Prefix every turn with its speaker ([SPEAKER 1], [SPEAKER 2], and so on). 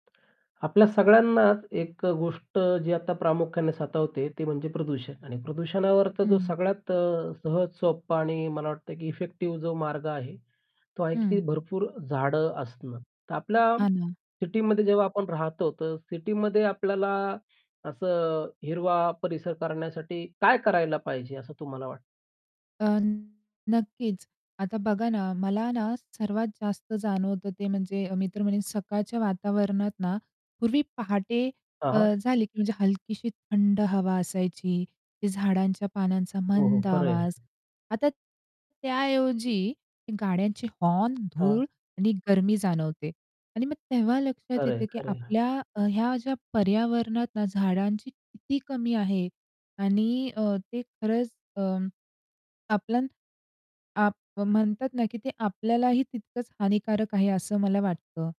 [SPEAKER 1] आपल्या सगळ्यांनाच एक गोष्ट जी आता प्रामुख्याने सातवते ती म्हणजे प्रदूषण. आणि प्रदूषणावर तर जो
[SPEAKER 2] हं.
[SPEAKER 1] सगळ्यात अ, सहज, सोप्पं आणि मला वाटतंय की इफेक्टिव्ह जो मार्ग आहे, तो आहे की
[SPEAKER 2] हं.
[SPEAKER 1] भरपूर झाडं असणं. तर आपल्या
[SPEAKER 2] हां ना.
[SPEAKER 1] सिटीमध्ये जेव्हा आपण राहतो, तर सिटीमध्ये आपल्याला असं हिरवा परिसर करण्यासाठी काय करायला पाहिजे असं तुम्हाला वाटतं?
[SPEAKER 2] अ, न नक्कीच आता बघा ना, मला ना सर्वात जास्त जाणवतं ते म्हणजे मी तर म्हणेन सकाळच्या वातावरणात ना पूर्वी पहाटे
[SPEAKER 1] हां,
[SPEAKER 2] अ,
[SPEAKER 1] हां.
[SPEAKER 2] झाली की म्हणजे हलकीशी थंड हवा असायची, की झाडांच्या पानांचा
[SPEAKER 1] हो, हो,
[SPEAKER 2] मंद
[SPEAKER 1] खरं
[SPEAKER 2] आवाज.
[SPEAKER 1] आहे.
[SPEAKER 2] आता त्याऐवजी गाड्यांची हॉर्न,
[SPEAKER 1] हां.
[SPEAKER 2] धूळ आणि गरमी जाणवते आणि मग तेव्हा लक्षात
[SPEAKER 1] खरं
[SPEAKER 2] येते,
[SPEAKER 1] आहे,
[SPEAKER 2] की
[SPEAKER 1] खरं आहे.
[SPEAKER 2] आपल्या अ, ह्या ज्या पर्यावरणात ना झाडांची किती कमी आहे? आणि अ, ते खरंच अ, आपलं आप म्हणतात ना की ते आपल्यालाही तितकंच हानिकारक आहे, असं मला वाटतं.